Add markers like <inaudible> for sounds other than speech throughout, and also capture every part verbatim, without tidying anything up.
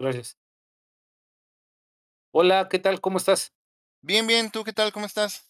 Gracias. Hola. ¿Qué tal? ¿Cómo estás? Bien, bien. ¿Tú qué tal? ¿Cómo estás?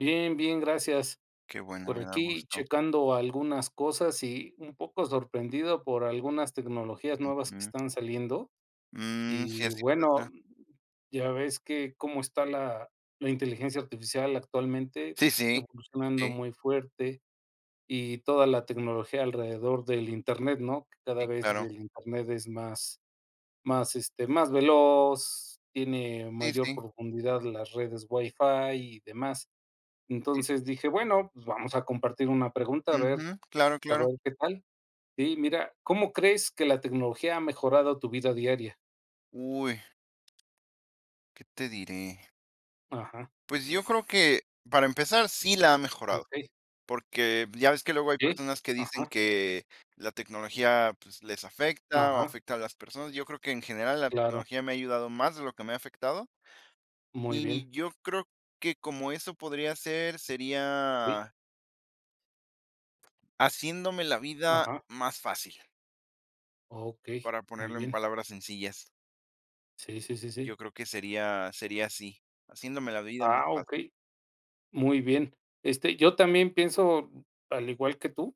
Bien, bien, gracias Qué bueno, por me da aquí gusto. checando algunas cosas y un poco sorprendido por algunas tecnologías nuevas que Ujú. están saliendo Mm, sí, y así bueno, pasa. ya ves que cómo está la la inteligencia artificial actualmente Sí, sí. evolucionando Sí. muy fuerte y toda la tecnología alrededor del internet, ¿no?, que cada Sí, vez claro. el internet es más más, este, más veloz, tiene Sí, mayor sí. profundidad las redes WiFi y demás. Sí. Entonces dije, bueno, pues vamos a compartir una pregunta a ver Ujú. Claro, a claro. ver qué tal. Sí, mira, ¿cómo crees que la tecnología ha mejorado tu vida diaria? Uy. ¿Qué te diré? Ajá. Pues yo creo que, para empezar, sí la ha mejorado, Okey. porque pues, ya ves que luego hay Sí, personas que dicen ajá. que la tecnología, pues, les afecta o Ajá. afecta a las personas. Yo creo que en general, la Claro. tecnología me ha ayudado más de lo que me ha afectado. Muy bien. Y yo creo que como eso podría ser, Sí. sería Haciéndome la vida Ajá. más fácil. Okey, Para muy ponerlo en bien. palabras sencillas. Sí, sí, sí, sí. Yo creo que sería sería así, haciéndome la vida más Ah, fácil. Okey. Muy bien. Este, yo también pienso, al igual que tú,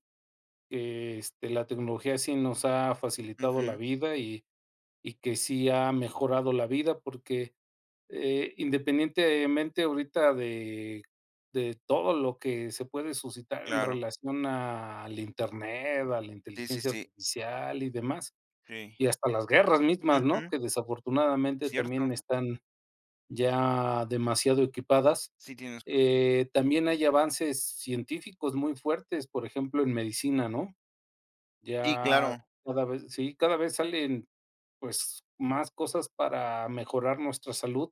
que este la tecnología sí nos ha facilitado la Ujú. vida y y que sí ha mejorado la vida porque, eh, independientemente ahorita de de todo lo que se puede suscitar en Claro. relación al internet, a la Sí, sí, inteligencia sí. artificial y demás, Sí. y hasta las guerras mismas, ¿no? Ujú. Que desafortunadamente Cierto. también están ya demasiado equipadas. Sí, tienes <unintelligible> Eh, también hay avances científicos muy fuertes. Por ejemplo, en medicina, ¿no? Sí, Ya claro. cada vez sí, cada vez salen, pues más cosas para mejorar nuestra salud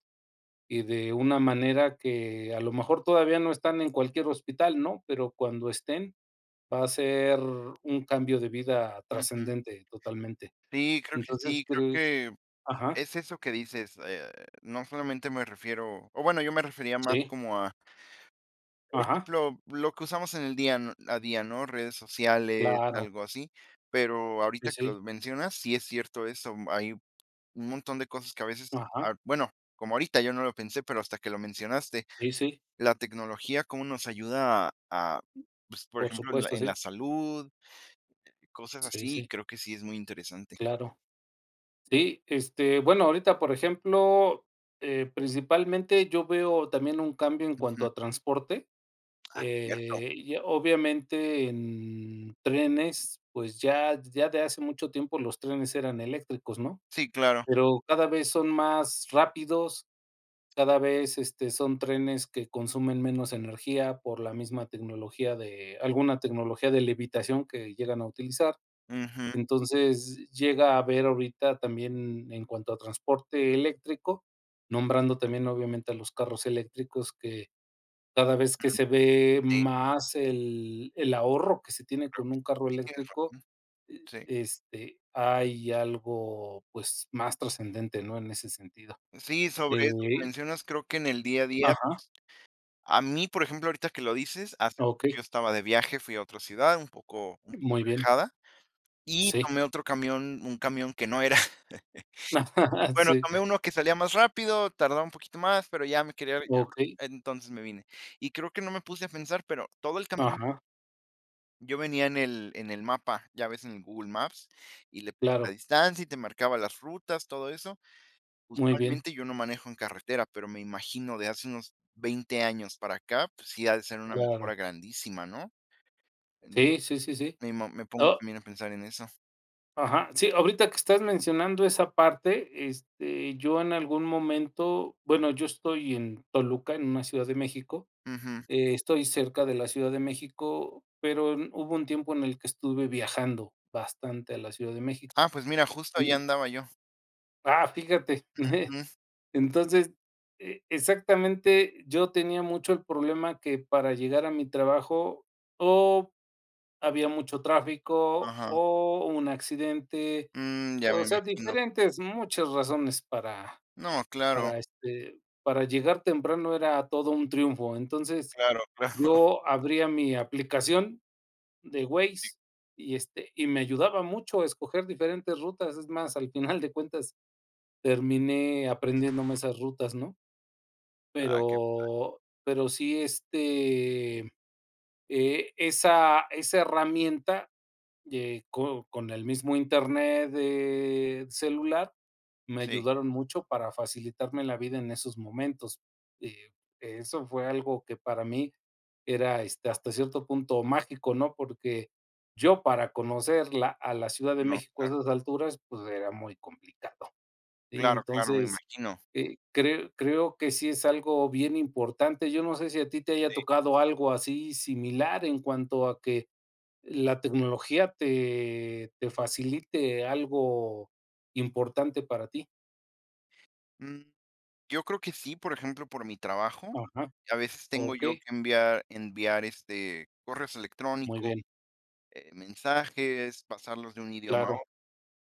y de una manera que a lo mejor todavía no están en cualquier hospital, ¿no? pero cuando estén va a ser un cambio de vida Ujú. trascendente totalmente. Sí, creo que Entonces, sí, creo ¿crees? que Ajá. es eso que dices, eh, no solamente me refiero o bueno, yo me refería más Sí. como a por Ajá. ejemplo, lo que usamos en el día a día, ¿no?, redes sociales, Claro. algo así, pero Sí, ahorita que sí. lo mencionas, sí es cierto eso. Hay un montón de cosas que a veces, Ajá. ah, bueno, como ahorita, yo no lo pensé, pero hasta que lo mencionaste, Sí, sí. la tecnología cómo nos ayuda a pues, por Por ejemplo, en la supuesto, en sí. la salud. Cosas Sí, así, sí. creo que sí es muy interesante. Claro. Sí, este bueno, ahorita, por ejemplo, eh, principalmente yo veo también un cambio en cuanto Ujú. a transporte. Ah, cierto. Eh, y obviamente en trenes, pues ya ya de hace mucho tiempo los trenes eran eléctricos, ¿no? Sí, claro. Pero cada vez son más rápidos, cada vez este son trenes que consumen menos energía por la misma tecnología de alguna tecnología de levitación que llegan a utilizar. Ujú. Entonces llega a ver ahorita también en cuanto a transporte eléctrico, nombrando también, obviamente, a los carros eléctricos, que cada vez que Ajá. se ve Sí. más el el ahorro que se tiene Oh. con un carro Sí tienes eléctrico. razón, Eh, sí. este, hay algo, pues, más trascendente, ¿no?, en ese sentido Sí, sobre eso que ey. mencionas, creo que en el día a día. Ajá. A mí, por ejemplo, ahorita que lo dices, hace <unintelligible> Okey. yo estaba de viaje, fui a otra ciudad, un poco un poco Muy bien. alejada y Sí. tomé otro camión un camión que no era. <chuckles> <chuckles> Bueno, Sí. tomé uno que salía más rápido, tardaba un poquito más, pero ya me quería. <unintelligible> Okey. Entonces me vine y creo que no me puse a pensar, pero todo el camino Ajá. Yo venía en el en el mapa, ya ves, en el Google Maps y le puse la Claro. distancia y te marcaba las rutas, todo eso. Muy bien. Usualmente yo no manejo en carretera, pero me imagino, de hace unos veinte años para acá, pues, sí ha de ser una Claro. mejora grandísima, ¿no? En Sí, sí, sí, sí. <unintelligible> me mo me pongo Oh. también a pensar en eso. Ajá. Sí, ahorita que estás mencionando esa parte, este, yo en algún momento bueno, yo estoy en Toluca, en una ciudad de México, Ujú. eh, estoy cerca de la Ciudad de México, pero mm, hubo un tiempo en el que estuve viajando, bastante, a la Ciudad de México. Ah, pues, mira, justo ahí Y andaba yo. ¡Ah!, fíjate. <chuckles> Ujú. Entonces, eh, exactamente, yo tenía mucho el problema que, para llegar a mi trabajo, o había mucho tráfico, Ajá. o un accidente, Mm, ya me o sea, imagino. diferentes, muchas razones para No, claro. para, este, para llegar temprano era todo un triunfo. Entonces, Claro, claro. yo abría mi aplicación, de Si. Waze, y, este, y me ayudaba mucho a escoger diferentes rutas, es más, al final de cuentas terminé aprendiéndome esas rutas, ¿no? Ah, qué pa Pero pero sí, este, mm, eh, esa esa herramienta de co con el mismo internet del celular, me Sí. ayudaron mucho para facilitarme la vida, en esos momentos, eh, eso fue algo que para mí era, este, hasta cierto punto, mágico, ¿no?, porque yo, para conocer la a la Ciudad de No, México, a claro. esas alturas, pues, era muy complicado. Sí, Claro, claro, me entonces, imagino. eh, cre creo que sí es algo bien importante. Yo no sé si a ti te haya Sí. tocado algo así, similar, en cuanto a que la tecnología te te facilite algo importante para ti. Mm. Yo creo que sí, por ejemplo, por mi trabajo, Ajá. a veces tengo yo Okey. que enviar enviar, este, correo Muy electrónicos, bien. eh, mensajes, pasarlos de un idioma a Claro. otro.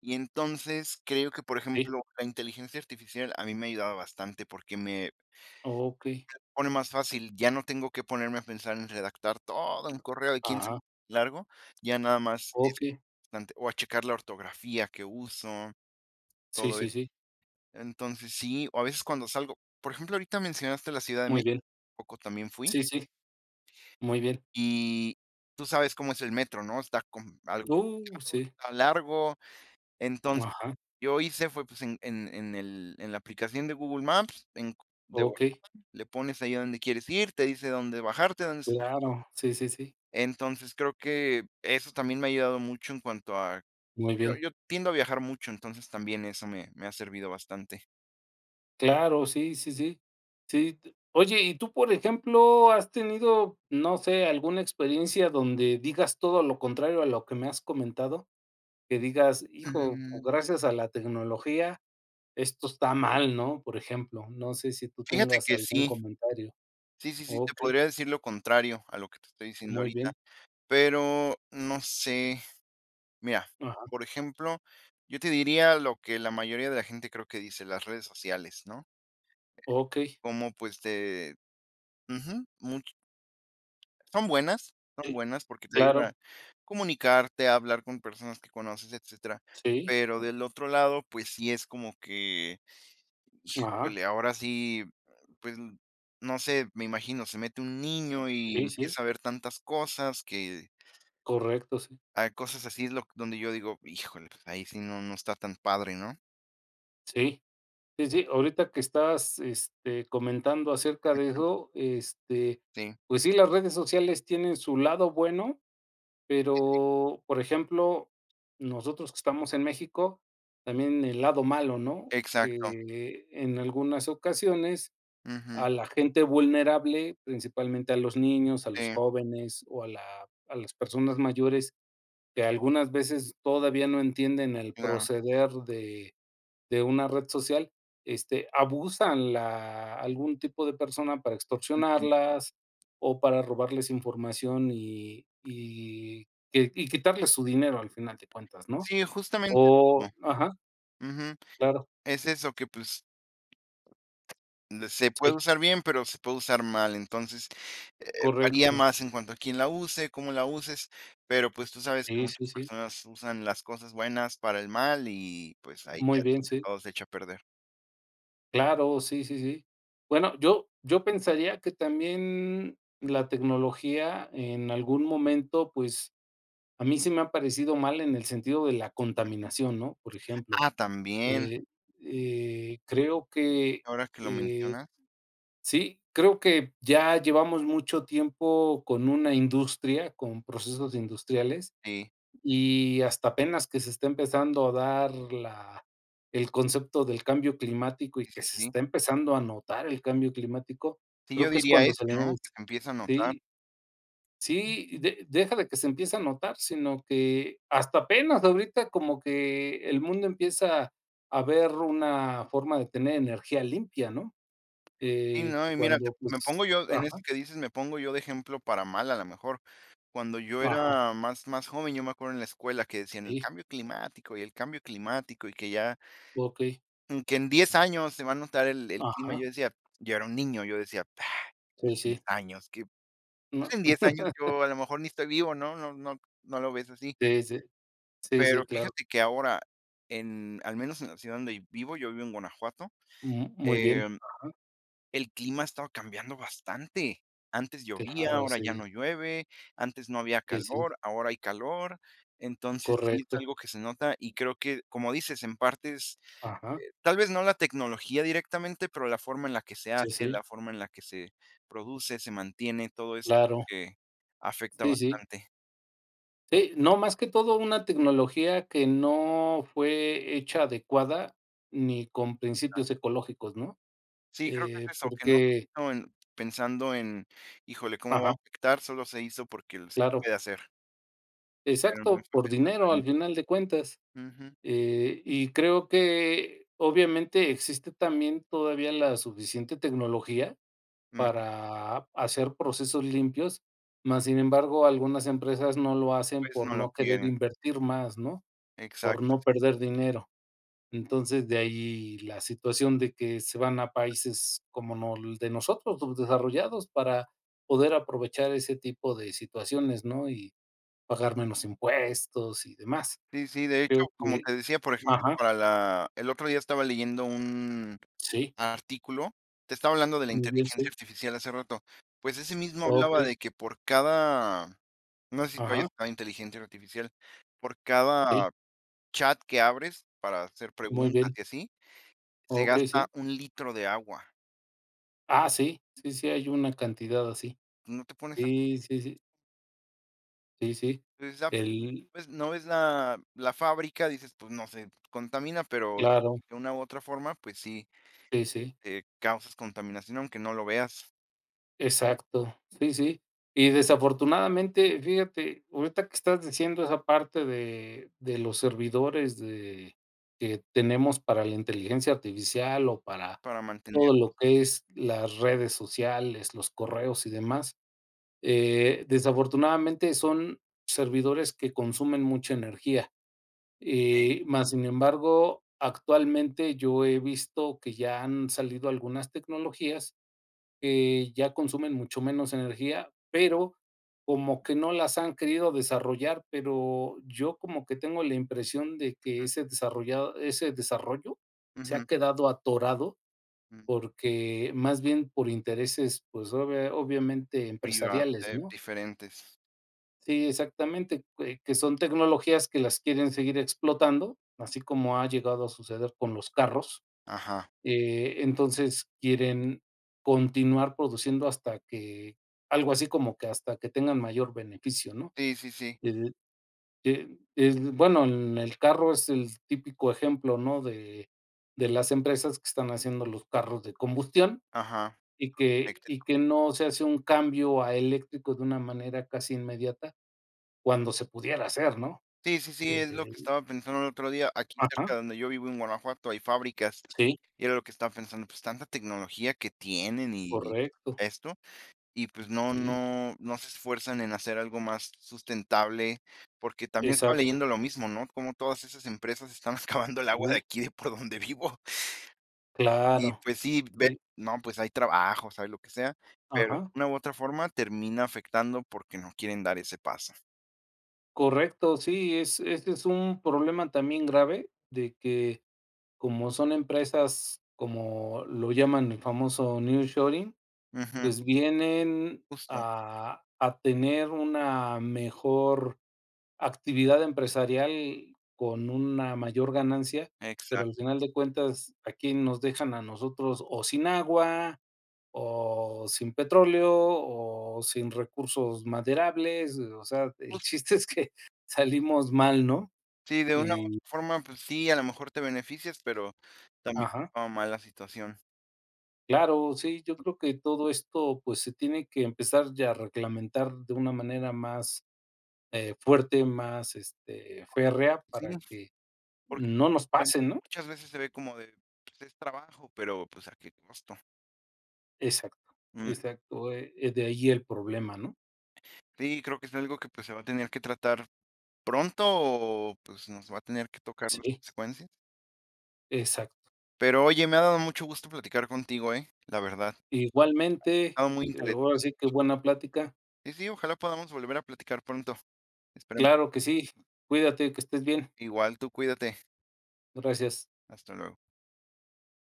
Y entonces, creo que, por Sí. ejemplo, la inteligencia artificial a mí me ha ayudado bastante porque me Okey. me lo pone más fácil. Ya no tengo que ponerme a pensar en redactar todo un correo quien sa <unintelligible> Ajá. largo, ya nada más es Okey. <unintelligible> o a checar la ortografía que uso, Sí, todo sí, eso. sí. Entonces sí, o a veces cuando salgo, por ejemplo, ahorita mencionaste la ciudad de Muy México bien. hace poco también fui. Sí, sí. Muy bien. Y tú sabes cómo es el metro, ¿no? Está como algo Uh, <unintelligible> sí. está largo. Entonces, Ajá. yo hice fue pues en en en el en la aplicación de Google Maps, en <unintelligible> de volada, Okey. le pones ahí a donde quieres ir, te dice dónde bajarte, dónde subir. Claro. Sí, sí, sí. Entonces creo que eso también me ha ayudado mucho en cuanto a Muy yo bien. yo tiendo a viajar mucho, entonces también eso me me ha servido bastante. Claro. Sí, sí, sí, sí. Oye, y tú, por ejemplo, ¿has tenido, no sé, alguna experiencia donde digas todo lo contrario a lo que me has comentado? Que digas, hijo, pues Mm. gracias a la tecnología, esto está mal, ¿no? Por ejemplo, no sé si tú Fíjate tengas que algún sí. comentario Sí, sí, sí, te okey. podría decir lo contrario a lo que te estoy diciendo Muy ahorita, bien. pero no sé, mira, Ajá. por ejemplo, yo te diría lo que la mayoría de la gente creo que dice las redes sociales, ¿no? Okey. Como, pues, de ujú, much Son buenas, son Sí, buenas, porque te ayudan claro. a comunicarte, a hablar con personas que conoces, etcétera. Sí. Pero del otro lado, pues sí es como que Ajá. híjole, ahora sí, pues no sé, me imagino, se mete un niño y Sí, sí. empieza a ver tantas cosas que Correcto, sí. Hay cosas así do donde yo digo, híjole, ahí sí no no está tan padre, ¿no? Sí, sí, sí, ahorita que estás, este, comentando acerca de Ujú. eso, este, Sí. pues sí, las redes sociales tienen su lado bueno, <unintelligible> pero por ejemplo, nosotros que estamos en México también el lado malo, ¿no?, Exacto. eh, en algunas ocasiones Ujú. a la gente vulnerable, principalmente a los niños, a los Sí. jóvenes o a la a las personas mayores que algunas veces todavía no entienden el Claro. proceder de de una red social, este abusan la algún tipo de persona para Ujú. extorsionarlas o para robarles información y y que y quitarles su dinero al final de cuentas, ¿no?, Sí, justamente, o <unintelligible> ajá. ujú, Claro. es eso que pues Se puede Sí. usar bien, pero se puede usar mal. Entonces, eh, varía Correcto. más en cuanto a quién la use, cómo la uses, pero pues tú sabes que Sí, sí, muchas sí. personas usan las cosas buenas para el mal y, pues, ahí ya Muy bien, sí. todo se echa a perder. Claro. Sí, sí, sí. Bueno, yo yo pensaría que también la tecnología, en algún momento, pues, a mí sí me ha parecido mal en el sentido de la contaminación, ¿no?, por ejemplo, Ah, también. eh eh, creo que, Ahora que lo eh mencionas. sí, creo que ya llevamos mucho tiempo con una industria, con procesos industriales Sí. y hasta apenas que se esté empezando a dar la el concepto del cambio climático y Sí, que sí, se sí. está empezando a notar el cambio climático, Sí, creo yo que es diría cuando eso, se ¿no?, les que se empieza a notar. sí. Sí, de deja de que se empieza a notar, sino que, hasta apenas ahorita, como que el mundo empieza a ver una forma de tener energía limpia, ¿no?, Sí, eh, no, y mira, cuando, me pues, pongo yo, en ajá. eso que dices, me pongo yo de ejemplo para mal, a la mejor, cuando yo Ajá. era más más joven, yo me acuerdo, en la escuela, que decían: "El Sí. cambio climático, y el cambio climático y que ya" Okey. "y que, en diez años se va a notar el el clima". Y Ajá. yo decía, yo era un niño, yo decía: "en Sí, diez sí. años qué, pues, No. en diez años <chuckles> yo, a lo mejor, ni estoy vivo, ¿no?" No no no lo ves así. Sí, sí. Sí, Pero sí, claro. fíjate que, ahora, en, al menos en la ciudad donde vivo, yo vivo en Guanajuato, Ujú, muy bien. em, Ajá. el clima ha estado cambiando bastante. Antes llovía, Claro, ahora ya sí. no llueve, antes no había Sí, sí. calor, ahora hay calor. Entonces, sí es Correcto. algo que se nota y creo que, como dices, en partes, Ajá. eh, tal vez no la tecnología, directamente, pero la forma en la que se Sí, hace, sí. la forma en la que se produce, se mantiene, todo eso Claro. que afecta Sí, sí. bastante. Sí, no, más que todo una tecnología que no fue hecha adecuada ni con Nan. principios ecológicos, ¿no? Sí, creo que Eh, es eso, que no porque. vino en pensando en: "Híjole, ¿cómo va Ajá. afectar?". Solo se hizo porque, se Claro. puede hacer. Pero no Exacto estoy por pensando dinero al en. final de cuentas, Ujú. eh, y creo que obviamente existe también todavía la suficiente tecnología Ujú. para hacer procesos limpios, más, sin embargo, algunas empresas no lo hacen Pues por no lo no querer quieren. invertir más, ¿no? Por no Exacto. perder dinero. Entonces de ahí la situación de que se van a países como nol de nosotros subdesarrollados para, poder aprovechar ese tipo de situaciones, ¿no? Y pagar menos impuestos y demás. Sí, sí, de hecho, Creo como que, te decía, por ejemplo, ajá para la el otro día estaba leyendo un sí. artículo, te estaba hablando de la Muy bien, inteligencia sí. artificial hace rato. Pues ese mismo hablaba Okey. de que por cada, no sé si tú hayas Ajá. usado inteligencia artificial, por Sí. cada chat que abres para hacer Muy preguntas bien. y así, se Okey, gasta sí. un litro de agua. Ah, sí, sí, sí. Hay una cantidad así. No te pones a Sí, sí, sí. Sí, sí, Exacto, el ves no ves la la fábrica, dices pues no sé, contamina, pero Claro. de una u otra forma, pues sí, Sí, sí. eh, causas contaminación, aunque no lo veas. Exacto. Sí, sí, y desafortunadamente, fíjate ahorita que estás diciendo esa parte de de los servidores de que tenemos para la inteligencia artificial o para Para todo mantenerlos. lo que es las redes sociales, los correos y demás. Eh, desafortunadamente, son servidores que consumen mucha energía. Sí. Eh, más sin embargo, actualmente yo he visto que ya han salido algunas tecnologías que ya consumen mucho menos energía, pero como que no las han querido desarrollar. Pero yo como que tengo la impresión de que ese desarrollado ese desarrollo se ha Ujú. quedado atorado, Ujú. más bien por intereses, pues obvia obviamente Priva empresariales, eh, ¿no? diferentes. Sí, exactamente, que que son tecnologías que las quieren seguir explotando, así como ha llegado a suceder con los carros, Ajá. eh, entonces quieren continuar produciendo hasta que, algo así como que hasta que tengan mayor beneficio, ¿no? Sí, sí, sí. El, eh, el, bueno, el el carro es el típico ejemplo, ¿no? de de las empresas que están haciendo los carros de combustión, Ajá. y que y Eléctrico. que no se hace un cambio a eléctrico de una manera casi inmediata cuando se pudiera hacer, ¿no? Sí, sí, sí, es lo Desde que ahí. estaba pensando el otro día. Aquí Ajá. cerca de donde yo vivo en Guanajuato hay fábricas, Sí. y era lo que estaba pensando, pues tanta tecnología que tienen y Correcto. esto y, pues, no Sí. no no se esfuerzan en hacer algo más sustentable. Porque también estaba Exacto. leyendo lo mismo, ¿no? cómo todas esas empresas están excavando el agua de Sí. aquí de por donde vivo. Y Claro, pues sí, ve sí. No, pues, hay trabajos, hay lo que sea, pero de Ajá. una u otra forma termina afectando porque no quieren dar ese paso. Correcto. Sí, es ese es un problema también grave de que, como son empresas como lo llaman el famoso nearshoring, Ujú. pues vienen Justo. a a tener una mejor actividad empresarial con una mayor ganancia, pero Exacto. al final de cuentas, a quién nos dejan a nosotros o sin agua, o sin petróleo o sin recursos maderables. O sea, el Justo chiste es que salimos mal, ¿no? Sí, de una Y forma, pues sí, a lo mejor te beneficias, pero también Ajá. va mal la situación. Claro. Sí, yo creo que todo esto, pues se tiene que empezar ya a reglamentar de una manera más, eh, fuerte, más este férrea Sí, para que, porque no nos pase, ¿no? muchas veces se ve como de, pues es trabajo, pero pues, a qué costo. Exacto. Mm. Exacto. Eh eh de ahí el problema, ¿no? Sí, creo que es algo que pues se va a tener que tratar pronto o, pues nos va a tener que tocar las Sí. consecuencias. Exacto. Pero oye, me ha dado mucho gusto platicar contigo, ¿eh? La verdad. Igualmente. Estaba muy Eh, interés ahora sí que buena plática. Sí, sí, ojalá podamos volver a platicar pronto. Esperemos. Claro que sí. Cuídate. Que estés bien. Igual tú cuídate. Gracias. Hasta luego.